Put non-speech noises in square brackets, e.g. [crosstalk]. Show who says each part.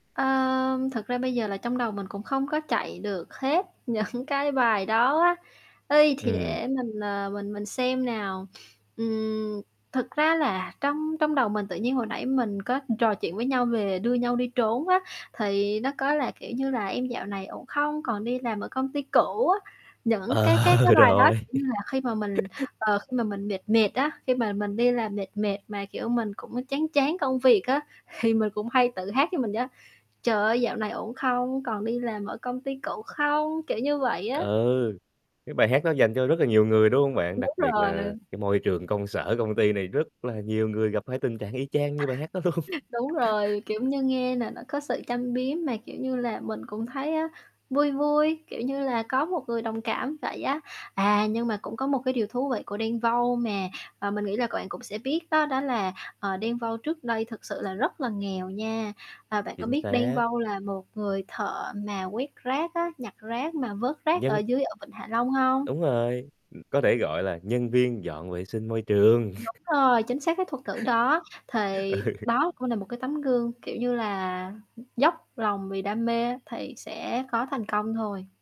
Speaker 1: Ơm, thực ra bây giờ là trong đầu mình cũng không có chạy được hết những cái bài đó á, y, thì
Speaker 2: Ừm.
Speaker 1: để mình, ờ, mình mình xem nào, ừm, thực ra là trong trong đầu mình tự nhiên hồi nãy mình có trò chuyện với nhau về "Đưa Nhau Đi Trốn" á, thì nó có là, kiểu như, là "Em dạo ổn không? Còn đi làm ở công ty cũ?" á. Những cái cái
Speaker 2: Ờ,
Speaker 1: cái bài đó,
Speaker 2: rồi.
Speaker 1: kiểu như là, khi mà mình,
Speaker 2: [laughs]
Speaker 1: ờ, khi mà mình mệt mệt á, khi mà mình đi làm mệt mệt mà, kiểu, mình cũng, ơ, chán chán công việc á, thì mình cũng hay tự hát cho mình vậy á "Trời ơi dạo này ổn không? Còn đi làm ở công ty cũ không?" Kiểu, như vậy á.
Speaker 2: Ừ, cái bài hát đó dành cho rất là nhiều người, đúng hông bạn? Đặc
Speaker 1: Đúng
Speaker 2: biệt là
Speaker 1: rồi.
Speaker 2: cái môi trường công sở, công ty này rất là nhiều người gặp phải tình trạng y chang như bài hát đó luôn.
Speaker 1: [chuckles] Đúng
Speaker 2: [laughs]
Speaker 1: rồi, kiểu như, nghe nà nó có sự châm biếm, mà, kiểu như là, mình cũng thấy á, vui vui, kiểu như là, có một người đồng cảm vậy á. À, nhưng mà cũng có một cái điều thú vị của Đen Vâu mà, ờ, mình nghĩ là c bạn cũng sẽ biết đó, đó là, ờ, Đen Vâu trước đây thực sự là rất là nghèo nha. À, bạn có
Speaker 2: Chính
Speaker 1: biết Đen
Speaker 2: xác.
Speaker 1: Vâu là một người thợ mà quét rác á, nhặt rác mà vớt rác ở
Speaker 2: Nhân
Speaker 1: dưới ở vịnh Hạ Long hông?
Speaker 2: Đúng rồi, ừm, có thể gọi là nhân viên dọn vệ sinh môi trường.
Speaker 1: Đúng
Speaker 2: [chuckles]
Speaker 1: rồi, chính xác cái thuật ngữ đó, thì
Speaker 2: Ừ.
Speaker 1: đó cũng là một cái tấm gương, kiểu như là, dốc lòng vì đam mê thì sẽ có thành công thôi.